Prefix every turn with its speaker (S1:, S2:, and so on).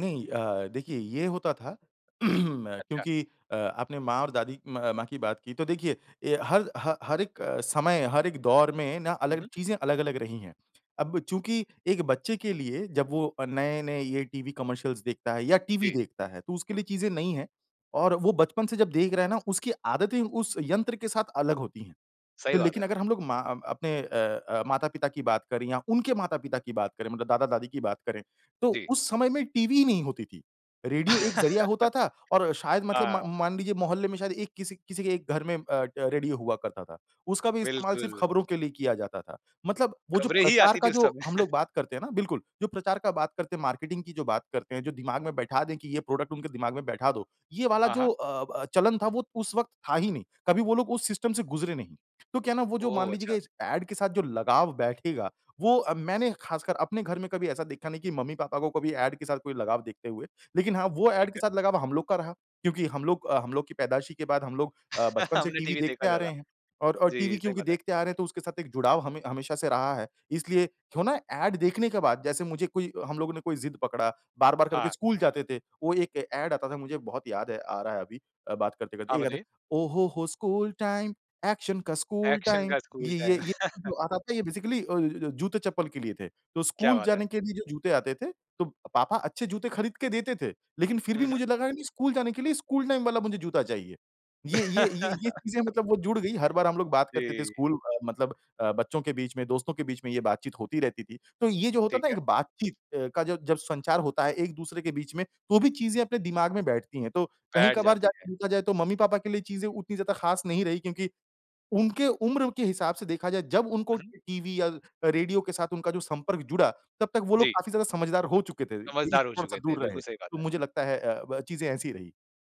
S1: नहीं अ, देखिए ये होता था
S2: अच्छा।
S1: क्योंकि अ, आपने माँ और दादी म माँ की बात की तो देखिए, ये हर ह हर एक समय, हर एक दौर में ना
S2: हुँ,
S1: अलग
S2: हुँ।
S1: चीज़ें अलग-अलग रही है। अब चूँकि एक बच्चे के लिए जब वो अ, नए-नए ये टीवी कमर्शियल्स देखता है या टीवी
S2: जी।
S1: देखता है, तो उसके लिए चीज़ें नई हैं और वो बचपन से जब देख रहा है ना, उसकी आदतें उस यंत्र के साथ अलग होती हैं।
S2: सही
S1: तो
S2: बात
S1: लेकिन
S2: है।
S1: अगर हम लोग मा अपने अ अ, माता-पिता की बात करें या उनके माता-पिता की बात करें मतलब दादा-दादी की बात करें तो
S2: जी।
S1: उस समय में टीवी ही नहीं होती थी। रेडियो एक ज़रिया होता था और शायद मतलब
S2: हाँ।
S1: म मान लीजिए मोहल्ले में शायद एक किसी किसी एक घर में अ अ, रेडियो हुआ करता था उसका भी इस्तेमाल सिर्फ़
S2: बिल्कुल।
S1: खबरों के लिए किया जाता था। मतलब वो जो
S2: खबरें ही
S1: प्रचार
S2: आती
S1: का
S2: थीं उस
S1: जो
S2: समय।
S1: हम लोग बात करते हैं ना बिल्कुल, जो प्रचार का बात करते हैं मार्केटिंग की जो बात करते हैं, जो दिमाग़ में बैठा दें कि ये प्रोडक्ट उनके दिमाग़ में बैठा दो, ये वाला
S2: हाँ,
S1: जो
S2: हाँ।
S1: अ अ, चलन था वो उस वक़्त था ही नहीं कभी वो लोग उस सिस्टम से गुज़रे नहीं। तो क्या है ना वो जो मान
S2: ओह,
S1: लीजिए कि
S2: अच्छा।
S1: इस ऐड के साथ जो लगाव बैठेगा वो अ, मैंने ख़ासकर अपने घर में कभी ऐसा देखा नहीं कि मम्मी-पापा को कभी ऐड के साथ कोई लगाव देखते हुए। लेकिन हाँ, वो
S2: ठीक
S1: ऐड के
S2: है।
S1: साथ लगाव हम लोग का रहा क्योंकि हम लोग अ, हम लोग की पैदाइशी के बाद हम लोग अ, बचपन से
S2: हमने
S1: टीवी
S2: टीवी देखा
S1: देखते आ रहे
S2: ज़्यादा।
S1: हैं। और और टीवी
S2: जी, सही
S1: क्योंकि
S2: बात है।
S1: देखते आ रहे हैं तो उसके साथ एक जुड़ाव हमे हमेशा से रहा है। इसलिए वो ना ऐड देखने के बाद जैसे मुझे कोई हम लोगों ने कोई ज़िद पकड़ा बार-बार करके
S2: हाँ।
S1: स्कूल जाते थे, वो एक ऐड आता था मुझे बहुत याद है आ रहा है अभी बात करते-करते
S2: हाँ,
S1: एक आता है
S2: बताइए।
S1: ओह हो हो स्कूल टाइम, एक्शन का स्कूल
S2: एक्शन
S1: टाइम
S2: का स्कूल
S1: ये ये
S2: टाइम।
S1: ये जो आता था ये बेसिकली अ, जूते चप्पल के लिए थे। तो
S2: क्या
S1: स्कूल
S2: बात है।
S1: जाने के लिए जो जूते आते थे तो पापा अच्छे जूते ख़रीद के देते थे लेकिन फिर
S2: हुँ,
S1: भी
S2: हुँ।
S1: मुझे लगा नहीं स्कूल जाने के लिए स्कूल टाइम वाला मुझे जूता चाहिए। ये-ये, ये-ये चीज़ें मतलब वो जुड़ गई हर बार हम लोग बात करते थे
S2: जी।
S1: स्कूल मतलब अ, बच्चों के बीच में दोस्तों के बीच में ये बातचीत होती रहती थी, तो ये जो होता
S2: ठीक
S1: था
S2: है।
S1: एक बातचीत अ, का जो जब संचार होता है एक-दूसरे के बीच में तो भी चीज़ें अपने दिमाग़ में बैठती है। तो
S2: बैठ
S1: कहीं-कभार
S2: जाती है।
S1: जाके देखा जाए तो मम्मी-पापा के लिए चीज़ें उतनी ज़्यादा ख़ास नहीं रही क्योंकि उनके उम्र के हिसाब से देखा जाए जब उनको
S2: हुँ, हुँ।
S1: टीवी या रेडियो के साथ उनका जो संपर्क जुड़ा तब तक वो लोग
S2: जी।
S1: काफ़ी ज़्यादा समझदार हो चुके थे। इससे
S2: समझदार हो चुके
S1: थोड़ा-सा
S2: थे,
S1: दूर रहे,
S2: बिल्कुल सही बात
S1: तो
S2: है।
S1: मुझे लगता है अ, ब चीज़ें ऐसी रहीं।